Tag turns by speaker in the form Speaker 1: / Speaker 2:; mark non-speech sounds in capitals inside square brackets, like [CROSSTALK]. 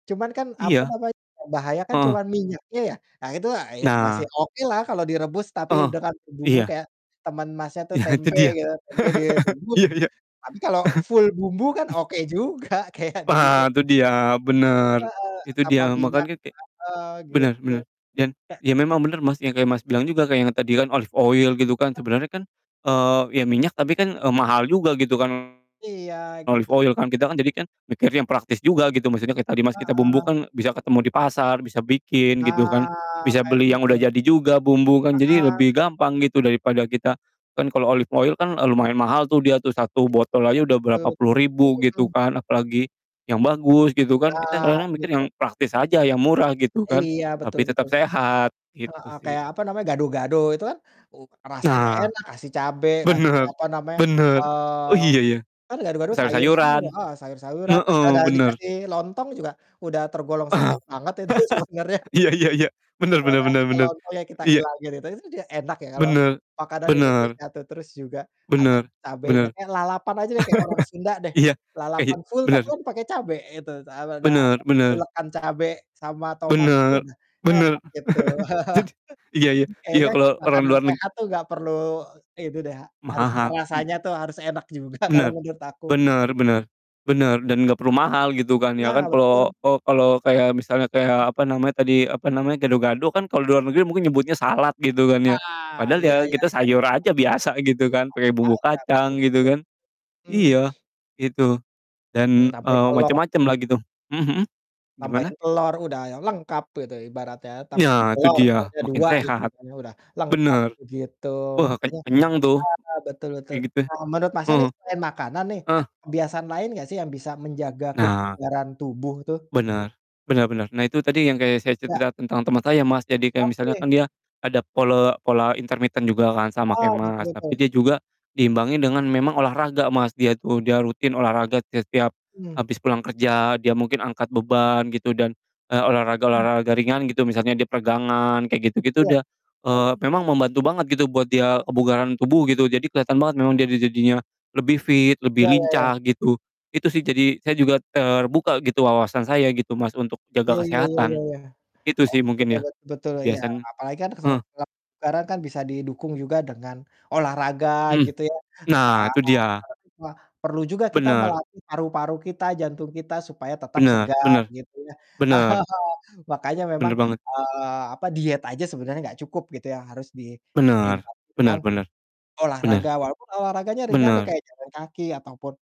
Speaker 1: Cuman kan, apa
Speaker 2: Iya.
Speaker 1: namanya, bahaya kan
Speaker 2: Heeh.
Speaker 1: cuman minyaknya ya? Ah, itu, ah, ya masih
Speaker 2: Nah.
Speaker 1: oke lah kalau direbus tapi
Speaker 2: Heeh.
Speaker 1: dengan bumbu-bumbu
Speaker 2: Iya.
Speaker 1: kayak teman Masnya tuh
Speaker 2: Iya, itu
Speaker 1: tempe
Speaker 2: dia.
Speaker 1: gitu, tempe
Speaker 2: [LAUGHS]
Speaker 1: direbus.
Speaker 2: Iya iya.
Speaker 1: Tapi kalau full bumbu kan
Speaker 2: [CHUCKLES] Ek
Speaker 1: oke juga, kayak dibikin
Speaker 2: Ha! Itu dia, bener!
Speaker 1: Heeh,
Speaker 2: Itu
Speaker 1: tanpa
Speaker 2: dia,
Speaker 1: minyak,
Speaker 2: makannya kek
Speaker 1: heeh,
Speaker 2: bener
Speaker 1: gitu.
Speaker 2: bener dan
Speaker 1: Kayak
Speaker 2: ya memang bener, Mas, yang kayak Mas bilang
Speaker 1: Mhm.
Speaker 2: juga kayak yang tadi kan, olive oil, gitu kan,
Speaker 1: Heeh.
Speaker 2: sebenernya kan, eee, ya minyak tapi kan, eee, mahal juga, gitu kan,
Speaker 1: Iya,
Speaker 2: olive
Speaker 1: gitu.
Speaker 2: oil kan, kita kan jadi kan mikir yang praktis juga gitu, maksudnya kayak tadi, Mas, kita
Speaker 1: Heeh.
Speaker 2: bumbukan bisa ketemu di pasar, bisa bikin, gitu kan.
Speaker 1: Nah,
Speaker 2: Bisa
Speaker 1: kayak
Speaker 2: beli yang udah
Speaker 1: gitu.
Speaker 2: jadi juga bumbukan, jadi
Speaker 1: Heeh.
Speaker 2: lebih gampang gitu, daripada kita kan kalo olive oil kan, eee, lumayan mahal tuh dia tuh, 1
Speaker 1: Iya,
Speaker 2: botol aja udah
Speaker 1: betul
Speaker 2: berapa puluh
Speaker 1: betul,
Speaker 2: ribu gitu
Speaker 1: mhm.
Speaker 2: kan, apalagi yang bagus gitu kan, kita
Speaker 1: Nah,
Speaker 2: kadang-kadang mikir
Speaker 1: gitu.
Speaker 2: yang praktis aja yang murah gitu kan.
Speaker 1: Iya, betul
Speaker 2: Tapi tetap
Speaker 1: betul.
Speaker 2: sehat, gitu
Speaker 1: Heeh,
Speaker 2: sih.
Speaker 1: kayak apa namanya, gado-gado itu kan, uh, rasanya
Speaker 2: Nah.
Speaker 1: enak, kasih cabe, kasih
Speaker 2: Bener
Speaker 1: apa namanya,
Speaker 2: bener. Oh, iya
Speaker 1: eee,
Speaker 2: ya.
Speaker 1: kan gado-gado sayur
Speaker 2: Sayur-sayuran.
Speaker 1: semua, heeh, sayur-sayuran asal
Speaker 2: Heeh,
Speaker 1: jangan
Speaker 2: bener.
Speaker 1: dikasih lontong juga, udah tergolong sehat
Speaker 2: [LAUGHS]
Speaker 1: banget itu sebenarnya.
Speaker 2: Iya iya iya. Bener
Speaker 1: Kalau
Speaker 2: bener
Speaker 1: udah
Speaker 2: bener
Speaker 1: pakai
Speaker 2: bener.
Speaker 1: lontong ya kita
Speaker 2: Iya.
Speaker 1: ilangin, gitu, itu kan juga enak ya, kalau
Speaker 2: Bener
Speaker 1: makanan
Speaker 2: bener.
Speaker 1: Indonesia tuh terus juga ada
Speaker 2: Bener
Speaker 1: cabenya
Speaker 2: bener.
Speaker 1: eh, lalapan aja deh kayak orang Sunda
Speaker 2: [LAUGHS]
Speaker 1: deh.
Speaker 2: Iya iya.
Speaker 1: Lalapan full tapi
Speaker 2: Bener.
Speaker 1: kan pakai cabe itu dabeda apa,
Speaker 2: Bener benar.
Speaker 1: ulekan cabe sama tomat aja
Speaker 2: Bener
Speaker 1: udah
Speaker 2: bener.
Speaker 1: enak gitu.
Speaker 2: [CHUCKLES] Jadi
Speaker 1: [CHUCKLES]
Speaker 2: iya iya iya,
Speaker 1: Kayaknya
Speaker 2: kalo orang
Speaker 1: makanan
Speaker 2: luar neg
Speaker 1: sehat tuh nggak perlu ini deh ha
Speaker 2: Maha
Speaker 1: harus
Speaker 2: ha mmm.
Speaker 1: rasanya tuh harus enak juga kalau
Speaker 2: Bener.
Speaker 1: menurut aku.
Speaker 2: Bener bener bener, dan gak perlu mahal gitu kan, ya kan,
Speaker 1: Nah betul.
Speaker 2: kalo oh, kalo kayak misalnya kayak, apa namanya tadi, apa namanya, gado-gado kan, kalo luar negeri mungkin nyebutnya salad, gitu kan ya.
Speaker 1: Ah,
Speaker 2: Padahal ya
Speaker 1: iya iya,
Speaker 2: kita
Speaker 1: bener
Speaker 2: sayur
Speaker 1: banget.
Speaker 2: aja biasa gitu kan, pake
Speaker 1: Sayur
Speaker 2: bumbu
Speaker 1: aja, betul
Speaker 2: kacang, gitu
Speaker 1: betul.
Speaker 2: kan.
Speaker 1: Mmm.
Speaker 2: Iya, gitu.
Speaker 1: Mmm,
Speaker 2: Dan,
Speaker 1: tambahin
Speaker 2: eee,
Speaker 1: telur.
Speaker 2: macem-macem lah gitu. Mhm mhm, gimana?
Speaker 1: Tambahin telur, udah ya lengkap tuh, itu ibaratnya tambahin
Speaker 2: Ya, itu
Speaker 1: telur,
Speaker 2: dia,
Speaker 1: telurnya
Speaker 2: makin
Speaker 1: 2, gitu,
Speaker 2: sehat.
Speaker 1: makannya udah lengkap
Speaker 2: Bener.
Speaker 1: begitu,
Speaker 2: Wah keny
Speaker 1: makanya
Speaker 2: kenyang tuh.
Speaker 1: heeh, betul betul.
Speaker 2: Kayak gitu.
Speaker 1: Eee, menurut Masnya nih,
Speaker 2: Mhm.
Speaker 1: selain makanan nih,
Speaker 2: Heeh.
Speaker 1: ada kebiasaan lain nggak sih yang bisa menjaga
Speaker 2: Nah.
Speaker 1: kebugaran tubuh tuh?
Speaker 2: Bener, bener bener. Nah, itu tadi yang kayak saya
Speaker 1: Ya.
Speaker 2: cerita-cerita tentang teman saya, Mas, jadi kayak misalnya
Speaker 1: Oke.
Speaker 2: kan dia ada pole pola intermittent juga kan sama
Speaker 1: Heeh,
Speaker 2: kayak
Speaker 1: betul
Speaker 2: Mas. Tapi
Speaker 1: betul.
Speaker 2: dia juga diimbangi dengan memang olahraga, Mas, dia itu, dia rutin olahraga te setiap
Speaker 1: Hmm.
Speaker 2: habis pulang kerja, dia mungkin angkat beban gitu dan, eee,
Speaker 1: Mmm.
Speaker 2: olahraga-olahraga ringan gitu misalnya dia peregangan, kayak gitu-gitu
Speaker 1: Iya.
Speaker 2: dia. Eee, memang membantu banget gitu buat dia
Speaker 1: Oh.
Speaker 2: kebugaran tubuh gitu, jadi keliatan banget memang dia di jadinya lebih fit, lebih
Speaker 1: Ya ya ya.
Speaker 2: lincah gitu. Itu sih, jadi saya juga terbuka gitu wawasan saya gitu, Mas, untuk jaga
Speaker 1: Iya, ya ya ya
Speaker 2: kesehatan.
Speaker 1: ya.
Speaker 2: Gitu sih
Speaker 1: Oke,
Speaker 2: mungkin ya,
Speaker 1: bet betul, iya,
Speaker 2: kebiasaannya.
Speaker 1: apalagi kan kesel
Speaker 2: Heeh.
Speaker 1: kalau sekarang kan bisa didukung juga dengan olahraga,
Speaker 2: Hmm.
Speaker 1: gitu ya. [UNINTELLIGIBLE]
Speaker 2: Nah, itu dia.
Speaker 1: Perlu juga kita
Speaker 2: Bener.
Speaker 1: melatih paru-paru kita, jantung kita, supaya tetap
Speaker 2: Bener
Speaker 1: segar,
Speaker 2: bener.
Speaker 1: gitu ya.
Speaker 2: Bener.
Speaker 1: [CHUCKLES] Makanya memang,
Speaker 2: Bener banget.
Speaker 1: eee, apa, diet aja sebenarnya nggak cukup, gitu ya, harus di
Speaker 2: Bener,
Speaker 1: diimbangi
Speaker 2: bener
Speaker 1: dengan
Speaker 2: bener.
Speaker 1: olahraga,
Speaker 2: Bener.
Speaker 1: walaupun olahraganya ringan deh,
Speaker 2: Bener.
Speaker 1: kayak jalan kaki ataupun